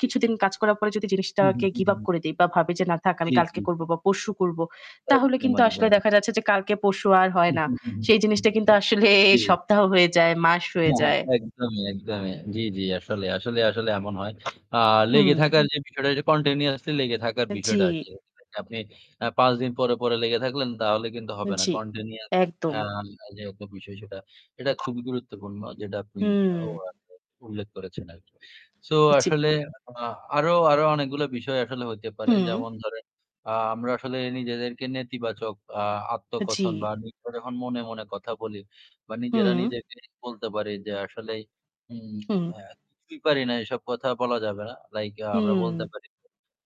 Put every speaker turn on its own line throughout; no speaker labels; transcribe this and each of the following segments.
কিছুদিন কাজ করার পরে যদি
হু, হুম,
জিনিসটাকে
হু,
give up
হুম।
করে দেই বা ভাবি যে না থাক আমি
জি,
কালকে
জি,
করব
জি।
বা পরশু করব, তাহলে কিন্তু আসলে দেখা
[unintelligible]
যাচ্ছে যে কালকে পরশু আর হয় না।
উহু, হু,
সেই
হু,
জিনিসটা কিন্তু
হু
আসলে
জি।
সপ্তাহ হয়ে যায়, মাস হয়ে
হ্যাঁ, হ্যাঁ,
যায়।
একদমই, একদমই। জি, জি আসলে, আসলে আসলে এমন হয়। আ লেগে
হুম।
থাকার যে বিষয়টা যে continuously লেগে থাকার
আন জি।
বিষয়টা আসে। [unintelligible] আপনি আ ৫ দিন পরে, পরে লেগে থাকলেন তাহলে কিন্তু হবে না।
জি,
Continuous
একদম।
আ যে একটা বিষয় সেটা, এটা খুবই গুরুত্বপূর্ণ যেটা আপনি
হুম।
[unintelligible] উল্লেখ করেছেন আরকি। So
জি।
আসলে আ আরো আরো অনেকগুলা বিষয় আসলে হইতে পারে।
হুম।
যেমন ধরেন, আ আমরা আসলে নিজেদেরকে নেতিবাচক আ
আ জি।
আত্মকথন বা নিত্ত যখন মনে, মনে কথা বলি বা নিজেরা
হুম।
নিজেকে বলতে পারি যে আসলেই উম
হুম।
আ কিছুই পারি না, এসব কথা বলা যাবে না। Like আ আমরা বলতে
হুম।
পারি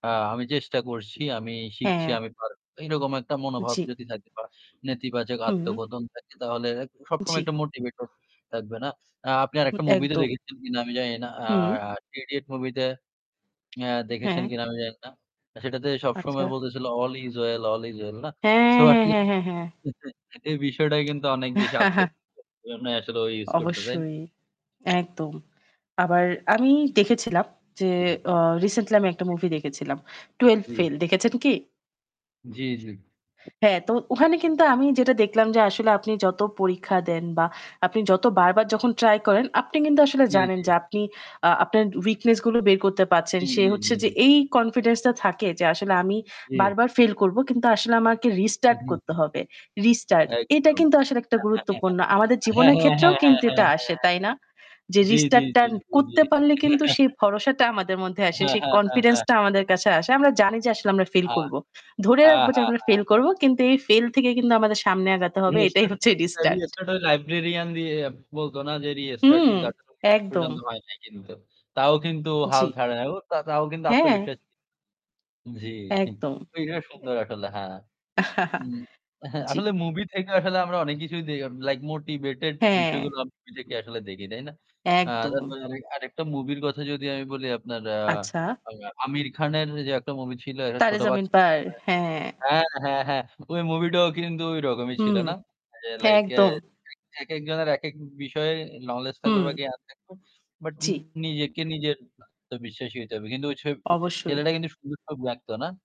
আ "আমি চেষ্টা করছি, আমি শিখছি,
হ্যাঁ।
আমি পারবো।" এইরকম একটা মনোভাব
জি।
যদি থাকে বা নেতিবাচক
হুম।
আত্মকথন থাকে তাহলে এক সবসময়
জি।
একটা motivator থাকবে না। আ আপনি
হু,
আরেকটা movie তে
একদম।
দেখেছেন কিনা আমি জানি না। আ
হুম।
'3 idiots' movie তে অ্যা দেখেছেন
হ্যাঁ।
কিনা আমি জানি না। সেটাতে
আচ্ছা।
সবসময় বলতেছিল "All is well, All is well" না?
হ্যাঁ,
So
হ্যাঁ,
আসলে
হ্যাঁ, হ্যাঁ, হ্যাঁ।
এই বিষয়টাই কিন্তু অনেক বেশি আত্মবিশ্বাস [unintelligible] জন্যই আসলে ও ইউস করত তাই না?
অবশ্যই, একদম। আবার আমি দেখেছিলাম যে,
জি।
অ recently আমি একটা
জি।
movie দেখেছিলাম। "Twelve
জি।
Fail" দেখেছেন কি?
জি, জি।
হ্যাঁ, তো ওখানে কিন্তু আমি যেটা দেখলাম যে আসলে আপনি যত পরীক্ষা দেন বা আপনি যত বার, বার যখন try করেন, আপনি কিন্তু আসলে
টি
জানেন
জি।
যে আপনি আ আপনার weakness-গুলো বের করতে পারছেন।
জি,
সে
জি,
হচ্ছে
জি,
যে
জি।
এই confidence-টা থাকে যে আসলে আমি
জি।
বারবার fail করব কিন্তু আসলে আমাকে restart
উহু,
করতে
হু।
হবে। Restart এটা
একদম
কিন্তু আসলে একটা
[unintelligible] হ্যাঁ, হ্যাঁ,
গুরুত্বপূর্ণ। আমাদের জীবনের
হ্যাঁ,
ক্ষেত্রেও
হ্যাঁ, হ্যাঁ,
কিন্তু এটা
হ্যাঁ,
আসে,
হ্যাঁ।
তাই না? যে
জি, জি,
restart-টা
জি, জি, জি,
করতে পারলে
জি।
কিন্তু সেই ভরসাটা আমাদের মধ্যে আসে,
হ্যাঁ,
সেই
হ্যাঁ, হ্যাঁ, হ্যাঁ।
confidence-টা আমাদের কাছে আসে। আমরা জানি যে আসলে আমরা fail
হা,
করব। ধরে
হা,
রাখব যে
হা,
আমরা
হা
fail করব কিন্তু এই fail থেকে কিন্তু আমাদের সামনে আগাতে হবে। এটাই
restart
হচ্ছে
একটা
restart।
restart ওই librarian দিয়ে বলতো না যে restart
হুম,
কিন্তু আসলে
একদম।
[unintelligible] তো হয় নাই কিন্তু। তাও কিন্তু হাল
জি।
ছাড়ে নাই। ও তা তাও কিন্তু
হ্যাঁ।
আত্মবিশ্বাসী। জি।
একদম।
ওইটা সুন্দর আসলে, হ্যাঁ। উম হ্যাঁ,
জি।
আসলে movie থেকে আসলে আমরা অনেক কিছুই দে like motivated
হ্যাঁ।
বিষয়গুলা আমরা [unintelligible] আসলে দেখি, তাই না? আ
একদম।
তারপর আরেকটা movie র কথা যদি আমি বলি আপনার আ
আচ্ছা।
আ আমির খানের ওইযে একটা movie ছিল একটা
"তারে
ছোট
জমিন
বাচ্চা
পার",
[unintelligible]
হ্যাঁ।
হ্যাঁ, হ্যাঁ, হ্যাঁ। ওই movie টাও কিন্তু ওই রকমই ছিল,
হুম,
না? যে like অ্যা
একদম।
একেকজনের একেক বিষয়ে knowledge থাকবে
হুম।
বা জ্ঞান থাকবে। But
জি।
নিজেকে নিজের আত্মবিশ্বাসী হইতে হবে। কিন্তু ওই ছে
অবশ্যই।
ছেলেটা কিন্তু সুন্দর ছবি আকঁতো, না?